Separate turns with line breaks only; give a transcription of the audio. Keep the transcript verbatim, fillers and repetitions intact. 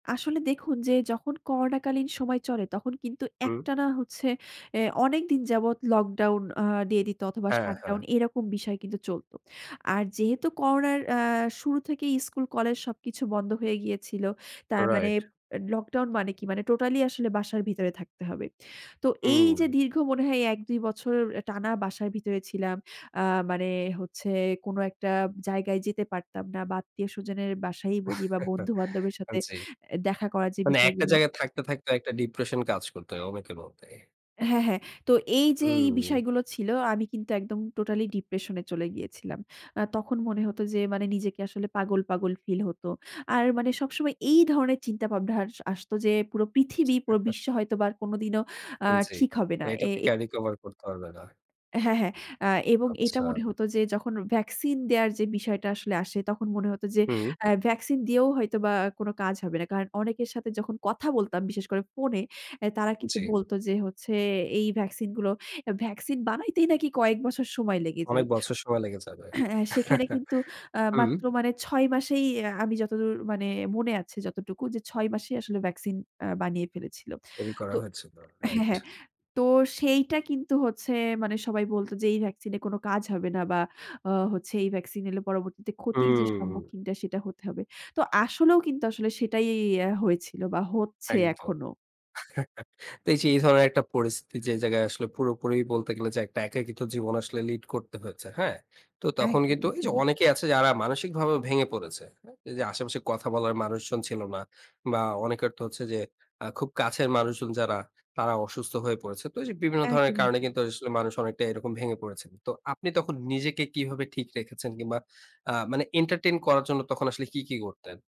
আসলে দেখুন যে, যখন করোনা কালীন সময় চলে, তখন কিন্তু
হুম।
একটানা হচ্ছে অ্যা অনেক দিন যাবৎ লকডাউন আ দিয়ে দিত অথবা
হ্যাঁ,
শাটডাউন,
হ্যাঁ।
এরকম বিষয় কিন্তু চলত। আর যেহেতু করোনার অ্যা শুরু থেকেই স্কুল কলেজ সবকিছু বন্ধ হয়ে গিয়েছিল। তার মানে,
রাইট।
এ লকডাউন মানে কি? মানে টোটালি আসলে বাসার ভিতরে থাকতে হবে। তো এই
হুম।
যে দীর্ঘ মনে হয়, এক-দুই বছর টানা বাসার ভিতরে ছিলাম। আ মানে হচ্ছে কোনো একটা জায়গায় যেতে পারতাম না। বা আত্মীয়-স্বজনের বাসায় বলি বা বন্ধু-বান্ধবের
আ
সাথে
জি।
দেখা করার যে
মানে একটা
বিষয়গুলো
জায়গায় থাকতে, থাকতে একটা ডিপ্রেশন কাজ করতো, অনেকের মধ্যেই।
হ্যাঁ, হ্যাঁ। তো এই যে এই
হুম।
বিষয়গুলো ছিল, আমি কিন্তু একদম টোটালি ডিপ্রেশন এ চলে গিয়েছিলাম। আ তখন মনে হত যে মানে, নিজেকে আসলে পাগল, পাগল ফিল হত। আর মানে সবসময় এই ধরনের চিন্তাভাবনা আর আসত যে, পুরো পৃথিবী, পুরো বিশ্ব হয়তোবা কোনদিনও আ
আন জি।
ঠিক হবে না।
এটা
এ
থেকে
এ
আর রিকভার করতে পারবে না।
হ্যাঁ, হ্যাঁ। আ এবং এটা
আচ্ছা।
মনে হত যে, যখন ভ্যাকসিন দেওয়ার যে বিষয়টা আসলে আসে, তখন মনে হত যে
হুম।
অ্যা ভ্যাকসিন দিয়েও হয়তোবা কোনো কাজ হবে না। কারণ অনেকের সাথে যখন কথা বলতাম বিশেষ করে ফোনে, তারা কিন্তু
জি।
বলত যে হচ্ছে, এই ভ্যাকসিন গুলো, ভ্যাকসিন বানাইতেই নাকি কয়েক বছর সময় লেগে যায়।
অনেক বছর সময় লেগে যাবে।
সেখানে কিন্তু আ
হুম।
মাত্র মানে, ছয় মাসেই আমি যতদূর মানে মনে আছে যতটুকু যে, ছয় মাসেই আসলে ভ্যাকসিন অ্যা বানিয়ে ফেলেছিল।
তৈরি
তো
করা হয়েছিল।
হ্যাঁ,
রাইট।
হ্যাঁ। তো সেইটা কিন্তু হচ্ছে মানে সবাই বলতো যে, "এই ভ্যাকসিন এ কোন কাজ হবে না বা হচ্ছে এই ভ্যাকসিন এলে পরবর্তীতে ক্ষতির যে
হুম।
সম্মুখীনটা, সেটা হতে হবে।" তো আসলেও কিন্তু আসলে সেটাই অ্যা হয়েছিল বা হচ্ছে
একদম।
এখনও।
তো এই যে এই ধরনের একটা পরিস্থিতি, যে জায়গায় আসলে পুরোপুরি বলতে গেলে যে, একটা একাকিত্ব জীবন আসলে লিড করতে হয়েছে। হ্যাঁ? তো তখন কিন্তু
একদমই,
এই যে
একদমই।
অনেকেই আছে যারা মানসিকভাবে ভেঙে পড়েছে। হ্যাঁ? এই যে আশেপাশে কথা বলার মানুষজন ছিল না। বা অনেকের তো হচ্ছে যে, আ খুব কাছের মানুষজন যারা, তারা অসুস্থ হয়ে পড়েছে। তো ওইযে বিভিন্ন ধরনের
একদমই,
কারণে
একদমই।
কিন্তু আসলে মানুষ অনেকটা এরকম ভেঙে পড়েছেন। তো আপনি তখন নিজেকে কীভাবে ঠিক রেখেছেন কিংবা আ মানে, এন্টারটেইন করার জন্য তখন আসলে কী, কী করতেন?